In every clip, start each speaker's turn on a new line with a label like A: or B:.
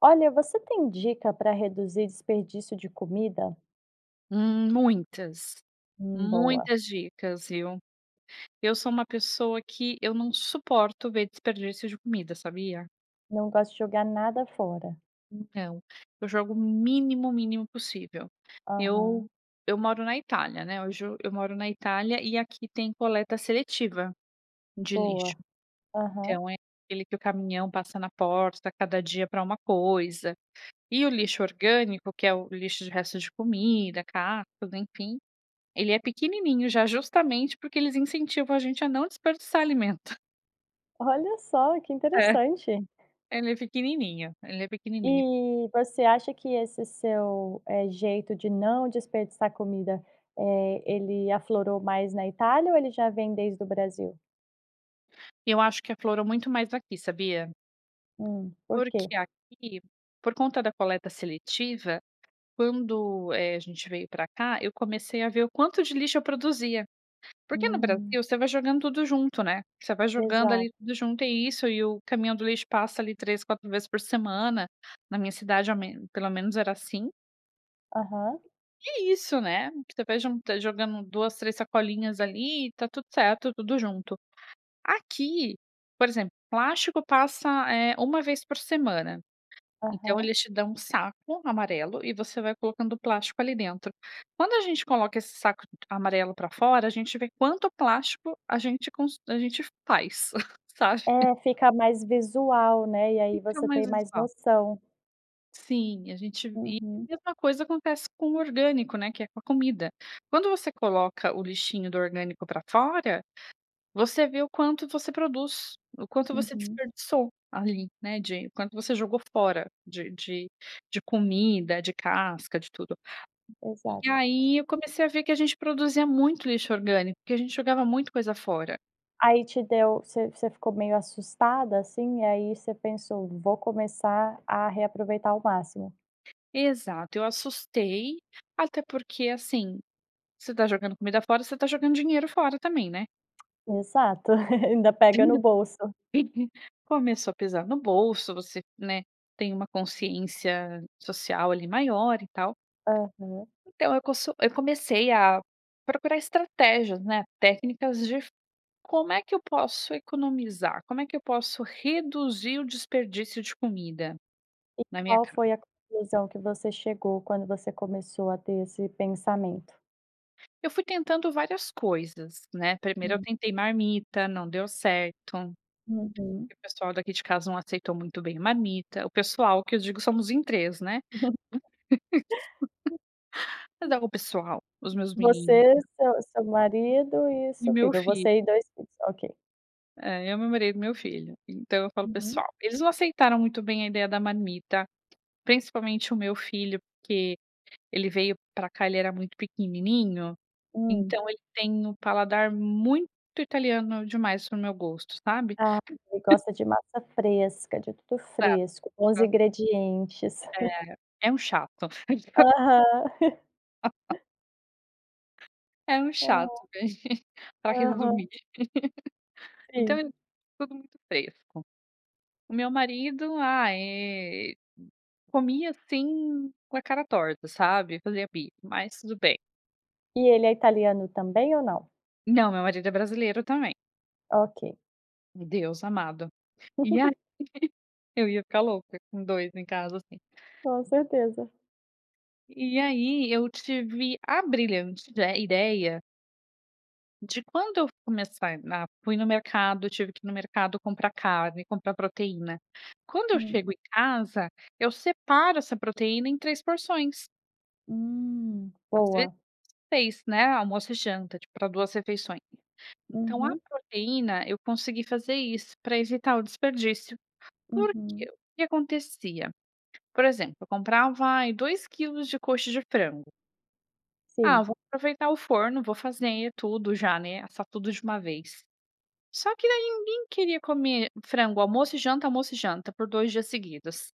A: Olha, você tem dica pra reduzir desperdício de comida?
B: Hum, muitas,
A: Hum. Boa.
B: muitas dicas, viu. Eu sou uma pessoa que eu não suporto ver desperdício de comida, sabia?
A: Não gosta de jogar nada fora?
B: Então, eu jogo o mínimo, mínimo possível. Eu
A: Aham.
B: eu moro na Itália, né, hoje eu moro na Itália e aqui tem coleta seletiva de lixo.
A: Boa. Aham.
B: Então, é aquele que o caminhão passa na porta, cada dia pra uma coisa. E o lixo orgânico, que é o lixo de resto de comida, casca, enfim, ele é pequenininho, já justamente porque eles incentivam a gente a não desperdiçar alimento.
A: Olha só, que
B: É,
A: interessante!
B: ela é pequenininha, ela é pequenininha.
A: E você acha que esse seu, eh, jeito de não desperdiçar comida, eh, ele aflorou mais na Itália ou ele já vem desde o Brasil?
B: Eu acho que aflorou muito mais aqui, sabia?
A: Hum. Por que?
B: Porque aqui, por conta da coleta seletiva, quando, eh, a gente veio pra cá, eu comecei a ver o quanto de lixo eu produzia. Porque no Brasil
A: Hum.
B: você vai jogando tudo junto, né, você vai jogando
A: Exato.
B: ali tudo junto, e isso, e o caminhão do lixo passa ali 3, 4 vezes por semana, na minha cidade, ao menos pelo menos era assim.
A: Aham.
B: E é isso, né? Que tu vai juntan jogando 2, 3 sacolinhas ali e tá tudo certo, tudo junto. Aqui, por exemplo, plástico passa, eh, uma vez por semana. Então,
A: Aham.
B: eles te dão um saco amarelo e você vai colocando o plástico ali dentro. Quando a gente coloca esse saco d amarelo pra fora, a gente vê quanto plástico a gente cons a gente faz, sabe?
A: É. Fica mais visual, né? E aí,
B: Fica
A: você
B: mais
A: tem mais
B: visual.
A: noção.
B: Sim. A gente e
A: Uhum.
B: a mesma coisa acontece com o orgânico, né? Que é com a comida. Quando você coloca o lixinho do orgânico pra fora, você vê o quanto você produz, o quanto você
A: Uhum.
B: desperdiçou ali, né. De quanto você jogou fora de de de comida, de casca, de tudo.
A: Exato.
B: E aí, eu comecei a ver que a gente produzia muito lixo orgânico, porque a gente jogava muito coisa fora.
A: Aí te deu você você ficou meio assustada, assim? E aí, você pensou: "Vou começar a reaproveitar o máximo."
B: Exato. Eu assustei. Até porque, assim, se tá jogando comida fora, você tá jogando dinheiro fora também, né?
A: Exato. Ainda pega no
B: [unintelligible]
A: bolso.
B: Começou a pesar no bolso, você né, tem uma consciência social ali maior e tal.
A: Aham.
B: Então, eu cossu eu comecei a procurar estratégias, né. Técnicas de f "como é que eu posso economizar?". "Como é que eu posso reduzir o desperdício de comida
A: E
B: na minha
A: qual
B: casa?".
A: foi a conclusão que você chegou quando você começou a ter esse pensamento?
B: Eu fui tentando várias coisas, né? Primeiro, eu
A: Hum.
B: tentei marmita. Não deu certo, porque
A: Uhum.
B: o pessoal daqui de casa não aceitou muito bem a marmita. O pessoal, que eu digo, somos em 3, né? Mas dava o pessoal, os meus meninos
A: Você, seu seu marido
B: [unintelligible]
A: e
B: E
A: seu
B: meu
A: filho.
B: filho.
A: Você e 2 filhos. Ok.
B: Eh, eu, meu marido, meu filho, então, eu falo
A: Uhum.
B: pessoal eles não aceitaram muito bem a ideia da marmita, principalmente o meu filho, porque ele veio pra cá ele era muito pequenininho,
A: Hum.
B: então ele tem o paladar muito italiano demais pro meu gosto, sabe?
A: Ah, ele gosta de massa fresca, de tudo
B: Exato,
A: fresco, bons
B: hã.
A: ingredientes.
B: É, é um chato! [unintelligible]
A: Aham.
B: É um
A: Hum.
B: chato, né, pra
A: Aham.
B: resumir. Então
A: Sim.
B: era tudo muito fresco. O meu marido, ah eh, comia assim, com a cara torta, sabe? Fazia bico, mas tudo bem.
A: E ele é italiano também ou não?
B: Não, meu marido é brasileiro também.
A: Ok.
B: Deus amado! E aí eu ia ficar louca com 2 em casa, assim.
A: Com certeza.
B: E aí, eu tive a brilhante ide ideia de quando eu começar, na, fui no mercado tive que ir no mercado comprar carne, comprar proteína. Quando eu
A: Hum.
B: chego em casa, eu separo essa proteína em 3 porções.
A: Hum.
B: Às vezes
A: Boa.
B: 6, né, almoço e janta, tipo para 2 refeições. Então, a
A: Uhum.
B: proteína eu consegui fazer isso, pra evitar o desperdício. Por que,
A: Uhum.
B: o que acontecia, por exemplo? Eu comprava, ai, 2 quilos de coxa de frango ah,
A: Sim.
B: vou aproveitar o forno, vou fazer tudo já, né, assar tudo de uma vez. Só que daí, ninguém queria comer frango, almoço e janta, almoço e janta, por 2 dias seguidos.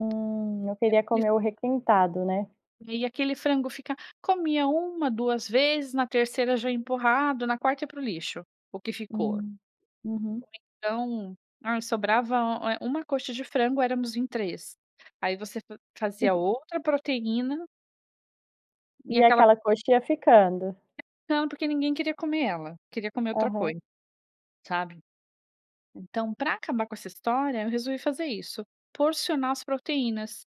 A: Hum, não
B: É
A: queria
B: [unintelligible]
A: comer o requentado, né?
B: E aí, aquele frango fica comia 1, 2 vezes, na terceira já empurrado, na quarta ia pro lixo, o que ficou. Ou
A: Hum. Uhum.
B: então, ah, sobrava, eh, uma coxa de frango, éramos em 3. Aí você faz fazia outra proteína e
A: E
B: aquela
A: aquela coxinha ficando.
B: Ia ficando, porque ninguém queria comer ela, queria comer outra
A: Aham.
B: coisa, sabe. Então, pra acabar com essa história, eu resolvi fazer isso, porcionar as proteínas.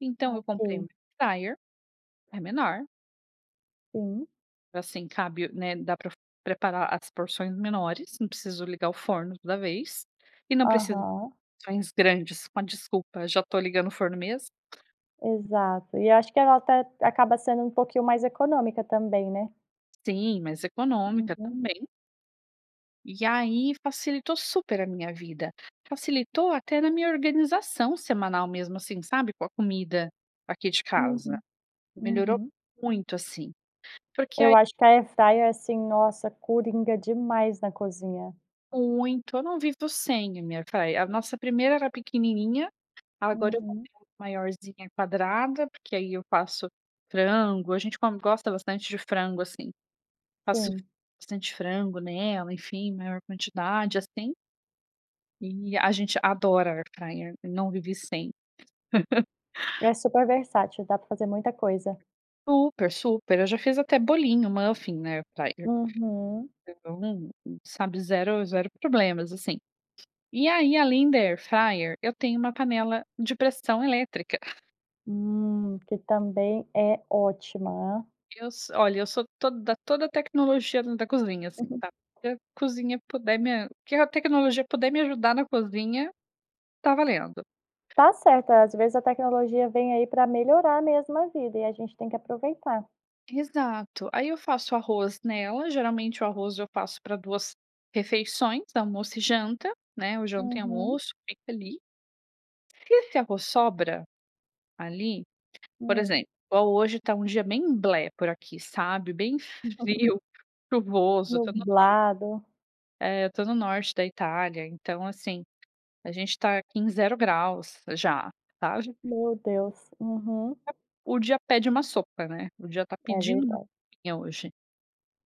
B: Então, eu comprei
A: Ok.
B: uma air fryer, é menor
A: Sim.
B: assim cabe, né, dá pre preparar as porções menores, não preciso ligar o forno, toda vez, e não precisa
A: Aham.
B: porções grandes, com a desculpa: "Já tô ligando o forno mesmo."
A: Exato. E acho que ela até acaba sendo um pouquinho mais econômica, também, né.
B: Sim, mas econômica
A: Uhum.
B: também. E aí, facilitou super a minha vida. Facilitou até na minha organização semanal mesmo, assim, sabe, com a comida aqui de casa.
A: Uhum.
B: Melhorou
A: Uhum.
B: muito, assim. Porque,
A: Eu
B: ai
A: acho que a air fryer é assim, nossa, coringa demais na cozinha.
B: Muito, eu não vivo sem a minha air fryer. A nossa primeira era pequenininha, agora eu
A: Uhum.
B: comprei uma maiorzinha quadrada, porque aí eu faço frango, a gente come gosta bastante de frango, assim, faço
A: Sim.
B: bastante frango nela, enfim, maior quantidade, assim. E a gente adora air fryer, não vive sem.
A: É super versátil, dá pra fazer muita coisa.
B: Super, super. Eu já fiz até bolinho, muffin, na airfryer.
A: Uhum.
B: [unintelligible] Sabe, 0- 0 problemas assim. E aí, além da air fryer, eu tenho uma panela de pressão elétrica.
A: Hum, que também é ótima.
B: Eu so olha, eu sou toda toda tecnologia dentro da cozinha assim,
A: Uhum.
B: tá, o que cozinha puder me a o que a tecnologia puder me ajudar na cozinha, tá valendo.
A: Tá certo. Às vezes, a tecnologia vem aí pra melhorar mesmo a vida e a gente tem que aproveitar.
B: Exato. Aí eu faço arroz nela, geralmente o arroz eu faço pra 2 refeições, almoço e janta, né, ou janta e
A: Uhum.
B: almoço feito ali. Se esse arroz sobra, ali, por
A: Hum.
B: exemplo, igual hoje tá dia bem blé, por aqui, sabe, bem frio, chuvoso. Eu to no nor
A: Nublado.
B: é, eu tô no norte da Itália. Então, assim, a gente tá aqui em 0 graus, já, tá já...
A: Meu Deus! Uhum.
B: É o dia pede uma sopa, né, o dia tá
A: É
B: pedindo uma
A: verdade.
B: sopinha hoje.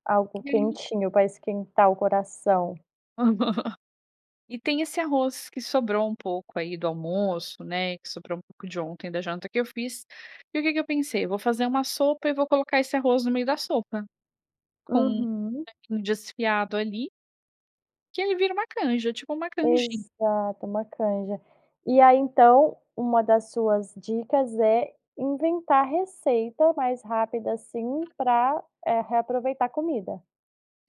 A: Algo
B: E aí
A: quentinho pra esquentar o coração.
B: e tem esse arroz que sobrou um pouco aí do almoço, né, e que sobrou um pouco de ontem da janta que eu fiz, e o que que eu pensei: "Eu vou fazer uma sopa e eu vou colocar esse arroz no meio da sopa, com um
A: Uhum.
B: franguinho desfiado ali" "que aí vira uma canja.", tipo uma canjin
A: Exato, uma canja. E aí, então, uma das suas dicas é inventar receita mais rápida, assim, pra, eh, reaproveitar comida?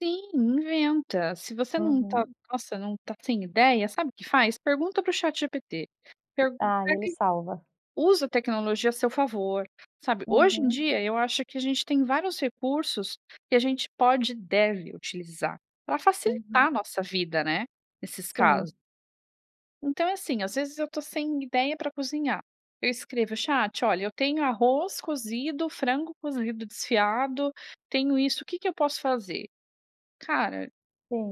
B: Sim. Inventa. Se você não tá
A: Aham.
B: nossa não tá sem ideia, sabe o que faz? Pergunta para o ChatGPT. Pergunta [unintelligible]
A: Ah. E ele
B: ele.
A: salva.
B: Usa a tecnologia a seu favor, sabe? Hoje em
A: Uhum.
B: dia, eu acho que a gente tem vários recursos, que a gente pode e deve utilizar pra facilitar
A: Uhum.
B: a nossa vida né, nesses
A: Sim.
B: casos. Então, é assim: às vezes, eu tô sem ideia pra cozinhar. Eu escrevo: "Chat, olha, eu tenho arroz cozido, frango cozido desfiado. Tenho isso. O quê que eu posso fazer? Cara,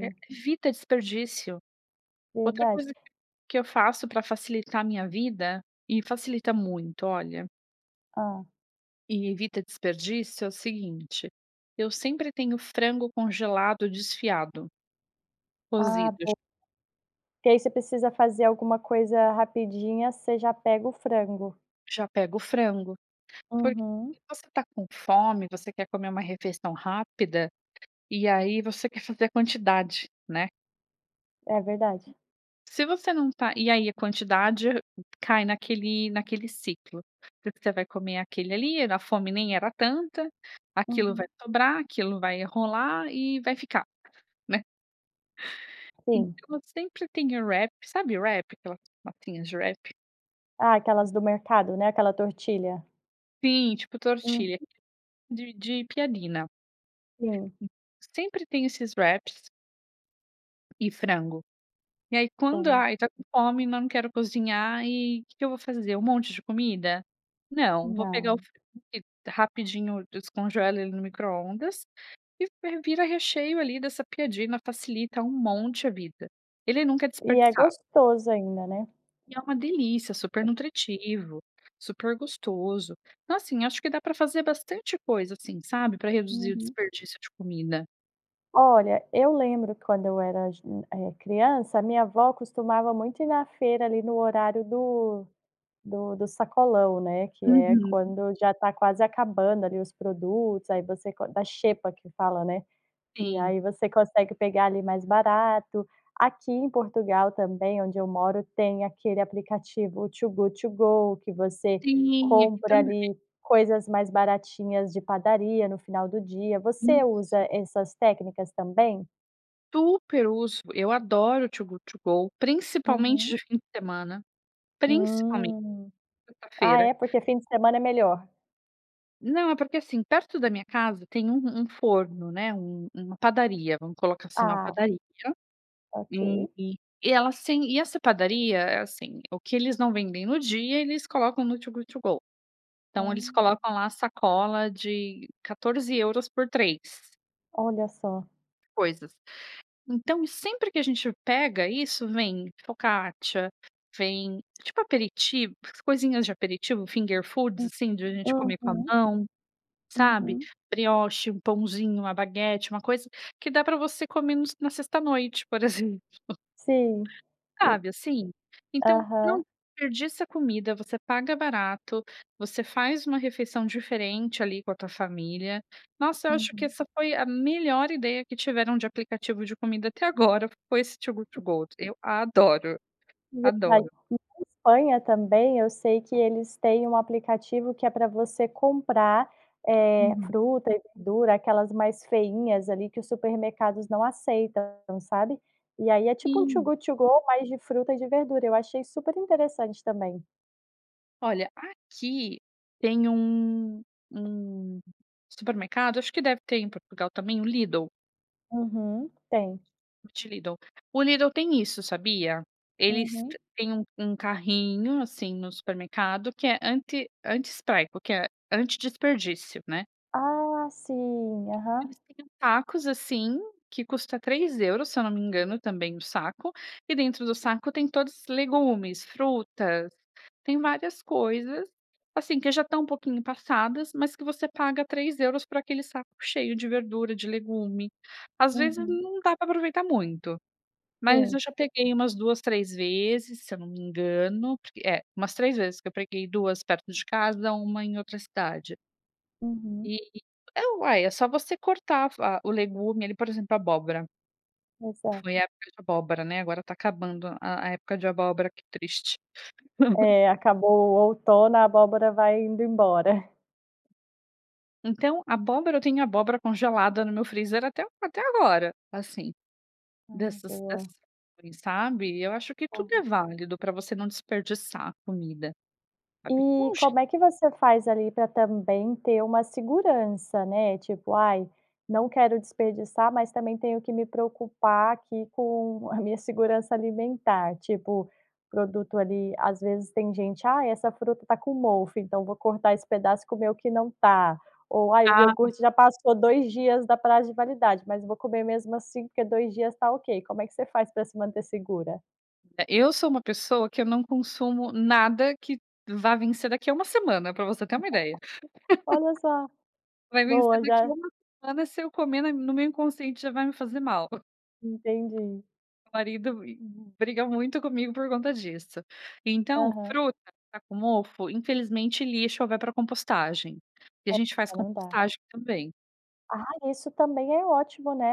B: e evita desperdício. Outra
A: Verdade.
B: coisa que que eu faço pra facilitar a minha vida e facilita muito, olha
A: Hã?
B: e evita desperdício, é o seguinte: eu sempre tenho frango congelado desfiado
A: Ah,
B: cozido.
A: bo Que aí você precisa fazer alguma coisa rapidinha, você já pega o frango.
B: Já pego o frango. Porque
A: Uhum.
B: se você tá com fome, você quer comer uma refeição rápida. E aí, você quer fazer a quantidade, né?
A: É verdade.
B: Se você não tá e aí a quantidade, hã, cai naquele naquele ciclo. Porque vai comer aquele ali. A fome nem era tanta. Aquilo vai
A: Uhum.
B: dobrar, aquilo vai. eh, rolar e vai ficar, né.
A: Sim.
B: Então, eu sempre tenho wrap. Sabe wrap? Aquelas massinhas de wrap?
A: Ah, aquelas do mercado, né? Aquela tortilha.
B: Sim. Tipo
A: Uhum.
B: tortilha de de piadina.
A: Sim.
B: Sempre tenho esses wraps e frango. E aí, quando
A: Tem
B: "ai, tá com fome, mas não quero cozinhar" e "Que que eu vou fazer? Um monte de comida? Não. Vou pegar o
A: Não.
B: frango, que rapidinho eu descongelo ele no microondas e vi vira recheio ali dessa piadina. Facilita um monte a vida. Ele nunca é
A: E é
B: desperdiçado.
A: gostoso ainda, né?
B: E é uma delícia. Super nutritivo, super gostoso. Então, assim, acho que dá pra fazer bastante coisa assim, sabe, pra reduzir o
A: Uhum.
B: desperdício de comida.
A: Olha, eu lembro que quando eu era jo hum, eh, criança, a minha avó costumava muito ir na feira ali no horário do do do sacolão, né, que é
B: Uhum.
A: quando já tá quase acabando ali os produtos. Aí, você co da xepa que fala, né? E
B: Sim.
A: aí, você consegue pegar ali mais barato. Aqui em Portugal também, onde eu moro, tem aquele aplicativo Too Good To Go que você
B: Sim. Aqui
A: compra
B: também.
A: ali coisas mais baratinhas de padaria no final do dia. Você
B: Isso.
A: usa essas técnicas também?
B: Super uso. Eu adoro o Too Good To Go, principalmente
A: Uhum.
B: de fim de semana. Principalmente
A: Hum,
B: na
A: ah
B: sexta-feira.
A: é? Por que fim de semana é melhor?
B: Não. É porque, assim, perto da minha casa tem um um forno, né. Um uma padaria, vamos colocar assim. Uma
A: Ah.
B: padaria e
A: Ok.
B: e ela sem e essa padaria, é assim: o que eles não vendem no dia, eles colocam no Too Good To Go. Então, eles
A: Hum.
B: colocam lá a sacola de 14 euros por 3.
A: Olha só.
B: Coisas. Então e sempre que a gente pega isso vem focaccia, vem, tipo aperitivo, coisinhas de aperitivo, finger food,
A: Hum.
B: assim, da gente comer com a
A: Uhum.
B: mão, sabe?
A: Uhum.
B: Brioche, um pãozinho, uma baguete, uma coisa que dá pra você comer no na sexta à noite, por exemplo.
A: Sim, e
B: Sabe assim? Então não
A: Aham.
B: desperdiça comida, você paga barato, você faz uma refeição diferente, ali, com a tua família. Nossa, eu acho que
A: Uhum.
B: essa foi a melhor ideia que tiveram de aplicativo de comida até agora, foi esse Too Good to Go, eu adoro,
A: Verdade.
B: adoro.
A: Aqui na Espanha também, eu sei que eles têm um aplicativo que é para você comprar, eh,
B: Uhum.
A: fruta e verdura aquelas mais feinhas, ali que o supermercados não aceitam, sabe? E aí é tipo, um Too
B: Sim.
A: Good to Go, mas de fruta e de verdura, eu achei super interessante também.
B: Olha, aqui, tem um um supermercado, acho que deve ter em Portugal também, o Lidl.
A: Uhum, tem.
B: [unintelligible] O Lidl tem isso, sabia? Eles
A: Uhum.
B: têm um um carrinho assim no supermercado que é anti anti-spreco, que é anti desperdício, né.
A: Ah, sim. Aham.
B: Eles têm uns sacos, assim, que custa 3 euros, se eu não me engano, Também o saco. E dentro do saco tem todos legumes, frutas, tem várias coisas, assim, que já tá um pouquinho passadas, mas que você paga 3 euros por aquele saco cheio de verdura, de legume. Às vezes
A: Uhum.
B: não dá para aproveitar muito, mas eu
A: Sim.
B: já peguei umas 2, 3 vezes se eu não me engano, porque é umas 3 vezes, que eu peguei 2 perto de casa, 1 em outra cidade.
A: Uhum.
B: E é uai, é só você cortar va o legume ali, por exemplo, abóbora. Foi
A: Exato.
B: época de abóbora, né, agora tá acabando a a época de abóbora, que triste.
A: É. Acabou o outono a abóbora vai indo embora.
B: Então abóbora, eu tenho abóbora congelada no meu freezer, até até agora, assim,
A: Hum,
B: dessas
A: boa.
B: dessas, [unintelligible] sabe? Eu acho que tudo é
A: Aham.
B: válido pra você não desperdiçar a comida.
A: E
B: [unintelligible]
A: como é que você faz ali para também ter uma segurança, né? Tipo, aí não quero desperdiçar, mas também tenho que me preocupar aqui com a minha segurança alimentar. Tipo o produto, ali, às vezes tem gente: "Aí essa fruta tá com mofo, então vou cortar esse pedaço, comer que não tá ou, aí, o
B: Ah, sim.
A: iogurte já passou 2 dias da prazo de validade, mas vou comer mesmo assim porque 2 dias está ok." Como é que você faz pra se manter segura?
B: É eu sou uma pessoa que eu não consumo nada que vá vencer daqui a 1 semana, pra você ter uma ideia.
A: Olha só.
B: Vai vencer
A: Boa,
B: daqui a
A: já
B: 1 semana se eu comer, na no meu inconsciente já vai me fazer mal.
A: Entendi.
B: Meu marido m briga muito comigo por conta disso. Então,
A: Aham.
B: fruta tá com mofo, infelizmente lixo ou vai pra compostagem. E a
A: É.
B: gente faz
A: Já não dá.
B: compostagem também.
A: Ah, isso também é ótimo, né.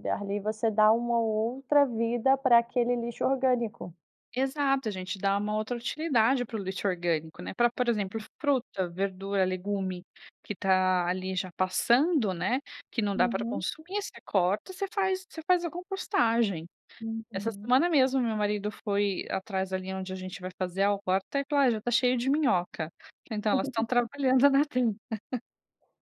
A: Eh, ali você dá uma outra vida pra aquele lixo orgânico.
B: Exato. A gente dá uma outra utilidade pro lixo orgânico, né. Pra por exemplo, fruta, verdura, legume, que tá ali já passando, né. Que não dá pra
A: Uhum.
B: consumir, você corta, você faz você faz a compostagem. Essa
A: Uhum.
B: semana mesmo meu marido foi atrás ali onde a gente vai fazer a horta e falou: "Ah, já está cheio de minhoca. Então, elas estão trabalhando na terra.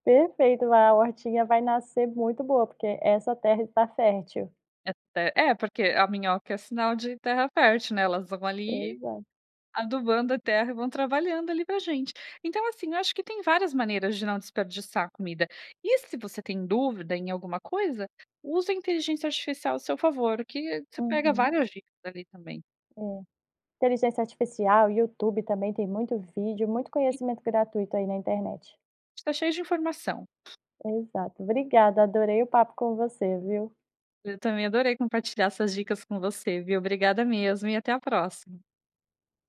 A: Perfeito, lá a hortinha vai nascer muito boa, porque essa terra está fértil.
B: É ter É. Porque a minhoca é sinal de terra fértil, né? Elas vão ali,
A: Pois é.
B: adubando a terra e vão trabalhando ali pra gente. Então, assim, eu acho que tem várias maneiras de não desperdiçar comida. E se você tem dúvida em alguma coisa, usa a inteligência artificial a seu favor, que você pega
A: Uhum.
B: várias dicas ali também.
A: É. Inteligência artificial, YouTube também tem muito vídeo, muito conhecimento gratuito aí na internet.
B: Está cheio de informação.
A: Exato. Obrigada. Adorei o papo com você, viu?
B: Eu também adorei compartilhar essas dicas com você, viu? Obrigada mesmo e até a próxima.